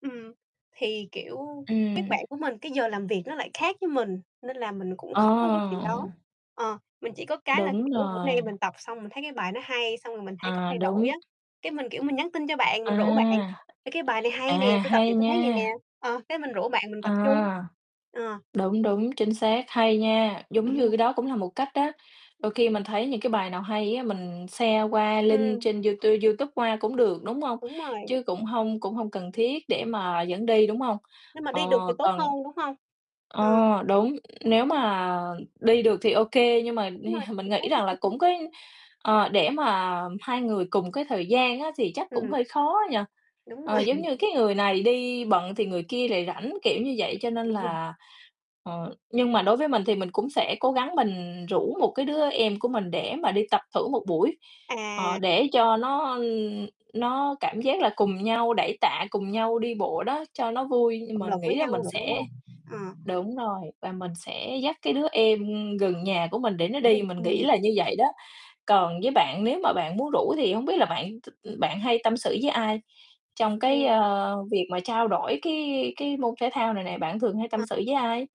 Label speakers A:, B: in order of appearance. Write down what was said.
A: Ừm, thì, kiểu, các
B: Ừm.
A: bạn của mình cái giờ làm việc nó lại khác với mình, nên là mình cũng
B: Ờ.
A: khó cái chuyện đó, ờ, mình chỉ có cái là,
B: Đúng
A: kiểu, bữa nay
B: rồi.
A: mình tập xong mình thấy cái bài nó hay xong rồi mình thấy có
B: À,
A: thay đổi
B: đúng.
A: á, cái mình, kiểu, mình nhắn tin cho bạn mình rủ bạn:
B: À,
A: "Ê, cái bài này hay nè,
B: à,
A: tôi tập
B: hay
A: về tôi thấy vầy
B: nha.
A: nè." ờ, cái mình rủ bạn mình tập chung,
B: À.
A: ờ.
B: Đúng, đúng, chính xác, hay nha. Giống như cái đó cũng là một cách á, đôi khi mình thấy những cái bài nào hay á, mình share qua link
A: Ừm.
B: trên du tu Youtube qua cũng được, đúng hông?
A: Đúng rồi.
B: Chứ cũng hông cũng hông cần thiết để mà dẫn đi, đúng hông?
A: Nhưng mà
B: Ờ,
A: đi được thì tốt hơn,
B: còn
A: đúng hông?
B: ờ,
A: Ờ.
B: đúng, nếu mà đi được thì OK, nhưng mà
A: Đúng rồi,
B: [unintelligible] mình nghĩ rằng là
A: [unintelligible]
B: cũng có ờ, để mà hai người cùng cái thời gian á, thì chắc cũng
A: Ừm.
B: hơi khó ấy nhỉ,
A: Đúng
B: ờ,
A: rồi.
B: giống như cái người này đi bận thì người kia lại rảnh, kiểu như vậy, cho nên là ờ, nhưng mà đối với mình thì mình cũng sẽ cố gắng mình rủ một cái đứa em của mình để mà đi tập thử một buổi, ờ,
A: À.
B: để cho nó, ừm, nó cảm giác là cùng nhau đẩy tạ, cùng nhau đi bộ đó cho nó vui nhưng
A: Động
B: mình
A: lực
B: nghĩ
A: với
B: là mình
A: nhau nữa, đúng
B: sẽ
A: hông? Ờ.
B: đúng rồi, và mình sẽ dắt cái đứa em gần nhà của mình để nó đi, mình nghĩ
A: Ừm.
B: là như vậy đó. Còn với bạn nếu mà bạn muốn rủ thì hổng biết là bạn t bạn hay tâm sự với ai trong cái,
A: Ừm.
B: ờ, việc mà trao đổi cái cái môn thể thao này nè bạn thường hay tâm
A: Ờ.
B: sự với ai?